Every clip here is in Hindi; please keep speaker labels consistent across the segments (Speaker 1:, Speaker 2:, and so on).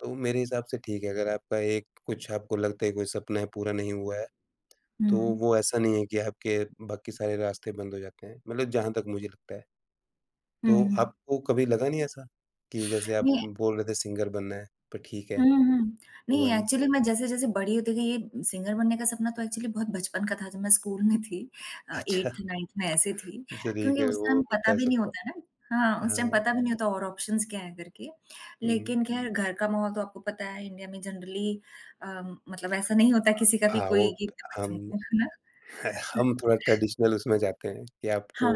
Speaker 1: तो मेरे हिसाब से ठीक है, अगर आपका एक कुछ आपको लगता है कोई सपना पूरा नहीं हुआ है,
Speaker 2: हुँ,
Speaker 1: तो
Speaker 2: हुँ।
Speaker 1: वो ऐसा नहीं है कि आपके बाकी सारे रास्ते बंद हो जाते हैं। मतलब जहाँ तक मुझे लगता है।
Speaker 2: हुँ,
Speaker 1: तो
Speaker 2: हुँ।
Speaker 1: आपको कभी लगा नहीं ऐसा, कि जैसे आप
Speaker 2: ये है
Speaker 1: बोल रहे थे सिंगर बनना है, पर ठीक है,
Speaker 2: हुँ, हुँ।
Speaker 1: हुआ
Speaker 2: नहीं
Speaker 1: नहीं।
Speaker 2: एक्चुअली मैं जैसे-जैसे बड़ी होती गई, ये सिंगर बनने का सपना तो एक्चुअली बहुत बचपन का था जब मैं स्कूल में थी। अ,
Speaker 1: अच्छा!
Speaker 2: 8th-9th में ऐसे थी
Speaker 1: अच्छा, ठीक
Speaker 2: क्योंकि
Speaker 1: है,
Speaker 2: उस
Speaker 1: वो
Speaker 2: टाइम
Speaker 1: होता
Speaker 2: पता
Speaker 1: है
Speaker 2: भी नहीं
Speaker 1: सबका।
Speaker 2: होता है ना, हाँ, उस टाइम
Speaker 1: हाँ।
Speaker 2: पता भी नहीं होता और ऑप्शन्स क्या हैं करके,
Speaker 1: हुँ।
Speaker 2: लेकिन खैर घर का माहौल तो आपको पता है इंडिया में जनरली अ, मतलब ऐसा नहीं होता है किसी का भी
Speaker 1: हाँ, वो
Speaker 2: कोई कि [unintelligible]
Speaker 1: हम,
Speaker 2: को है ना?
Speaker 1: हम थोड़ा ट्रेडिशनल उसमें जाते हैं, कि
Speaker 2: हाँ।
Speaker 1: आपको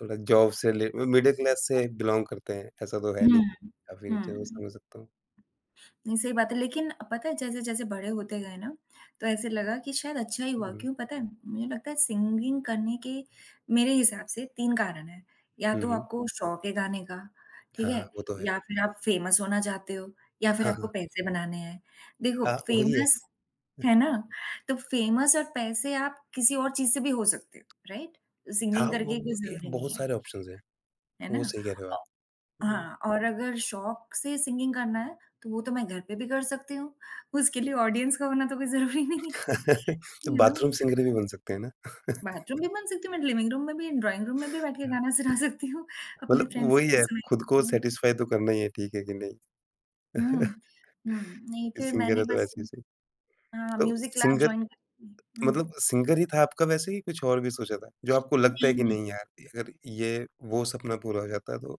Speaker 1: थोड़ा जॉब से रिले म मिडल क्लास से बिलॉन्ग करते हैं। ऐसा तो है
Speaker 2: हुँ,
Speaker 1: नहीं
Speaker 2: हुँ।
Speaker 1: आपकी रिच है वो
Speaker 2: हुँ।
Speaker 1: समझ सकता हूँ।
Speaker 2: नहीं, सही बात है। लेकिन अ, पता है जैसे-जैसे बड़े होते गए ना तो ऐसे लगा कि शायद अच्छा ही हुआ,
Speaker 1: हुँ, हुँ।
Speaker 2: क्यों पता है? मुझे लगता है सिंगिंग करने के मेरे हिसाब से 3 कारण हैं, या
Speaker 1: हुँ,
Speaker 2: तो
Speaker 1: हुँ।
Speaker 2: आपको शौक है गाने का,
Speaker 1: हाँ,
Speaker 2: ठीक
Speaker 1: हाँ,
Speaker 2: है?
Speaker 1: वो तो है।
Speaker 2: या फिर आप फेमस होना चाहते हो या फिर
Speaker 1: हाँ, हाँ।
Speaker 2: आपको पैसे बनाने हैं। देखो,
Speaker 1: हाँ, वही है।
Speaker 2: फेमस है ना, तो फेमस और पैसे आप किसी और चीज़ से भी हो सकते हो। राइट?
Speaker 1: हाँ,
Speaker 2: सिंगिंग करके
Speaker 1: वो
Speaker 2: ही कोई
Speaker 1: बाकी
Speaker 2: ज़रूरी नहीं
Speaker 1: बहुत
Speaker 2: है।
Speaker 1: सारे ऑप्शन्स हैं,
Speaker 2: है
Speaker 1: वो
Speaker 2: ना?
Speaker 1: सही कह रहे हो आप।
Speaker 2: औ
Speaker 1: हुँ।
Speaker 2: हाँ और अगर शौक से सिंगिंग करना है, तो वो तो मैं घर पे भी कर सकती हूँ, उसके लिए ऑडियंस का होना तो कोई ज़रूरी नहीं है, यू नो।
Speaker 1: बाथरूम सिंगर भी बन सकते हैं ना।
Speaker 2: बाथरूम भी बन सकती हूँ, मैं लिविंग रूम में भी, ड्रॉइंग रूम में भी बैठकर
Speaker 1: हाँ।
Speaker 2: गाना सुना सकती हूँ। अपने
Speaker 1: मतलब
Speaker 2: फ़्रेंड्स को
Speaker 1: वही
Speaker 2: तो
Speaker 1: है,
Speaker 2: सुना
Speaker 1: खुद को
Speaker 2: सकती हूँ।
Speaker 1: सैटिसफ़ाई तो करना ही है, ठीक है, कि नहीं।
Speaker 2: हुँ, हुँ। हुँ, नहीं फिर
Speaker 1: सिंगर
Speaker 2: मैंने
Speaker 1: है तो
Speaker 2: बस
Speaker 1: ऐसे ही सही।
Speaker 2: अ,
Speaker 1: तो
Speaker 2: म्यूज़िक क्लास
Speaker 1: सिंगर
Speaker 2: जॉइन कर ली। हुँ।
Speaker 1: मतलब सिंगर ही था आपका वैसे ही कुछ और भी सोचा था। जो आपको लगता है
Speaker 2: नहीं,
Speaker 1: कि
Speaker 2: नहीं।
Speaker 1: नहीं यार, अगर ये वो सपना पूरा हो जाता तो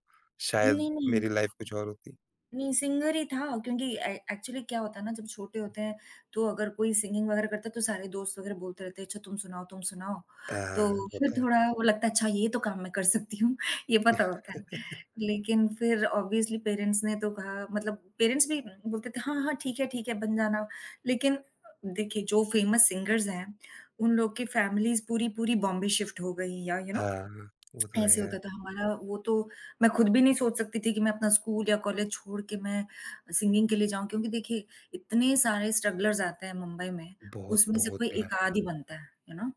Speaker 1: शायद
Speaker 2: नहीं, नहीं।
Speaker 1: मेरी लाइफ कुछ और होती।
Speaker 2: नहीं, सिंगर ही था, क्योंकि ए एक्चुअली क्या होता है ना जब छोटे होते हैं, तो अगर कोई सिंगिंग वगैरह करता है तो सारे दोस्त वगैरह बोलते रहते हैं, "अच्छा तुम सुनाओ, तुम सुनाओ।"
Speaker 1: हाँ, हाँ, हाँ,
Speaker 2: तो फिर
Speaker 1: होता है।
Speaker 2: थोड़ा वो लगता है अच्छा ये तो काम मैं कर सकती हूँ, ये पता होता है। लेकिन फिर ऑब्वियसली पेरेंट्स ने तो कहा मतलब पेरेंट्स भी बोलते थे, "हाँ, हाँ ठीक है, ठीक है, बन जाना।" लेकिन देखिए जो फेमस सिंगर्स हैं, उन लोगों की फैमिलीज़ पूरी-पूरी बॉम्बे शिफ्ट हो गई या यू
Speaker 1: हाँ,
Speaker 2: नो
Speaker 1: हाँ, वो तो है
Speaker 2: ऐसे
Speaker 1: यार।
Speaker 2: होता था हमारा वो तो, मैं खुद भी नहीं सोच सकती थी कि मैं अपना स्कूल या कॉलेज छोड़ के मैं अ, सिंगिंग के लिए जाऊँ। क्योंकि देखिए इतने सारे स्ट्रगलर्स आते हैं मुंबई में, उसमें से कोई
Speaker 1: बहुत-बहुत
Speaker 2: 1
Speaker 1: यार।
Speaker 2: आध ही बनता है, यू नो।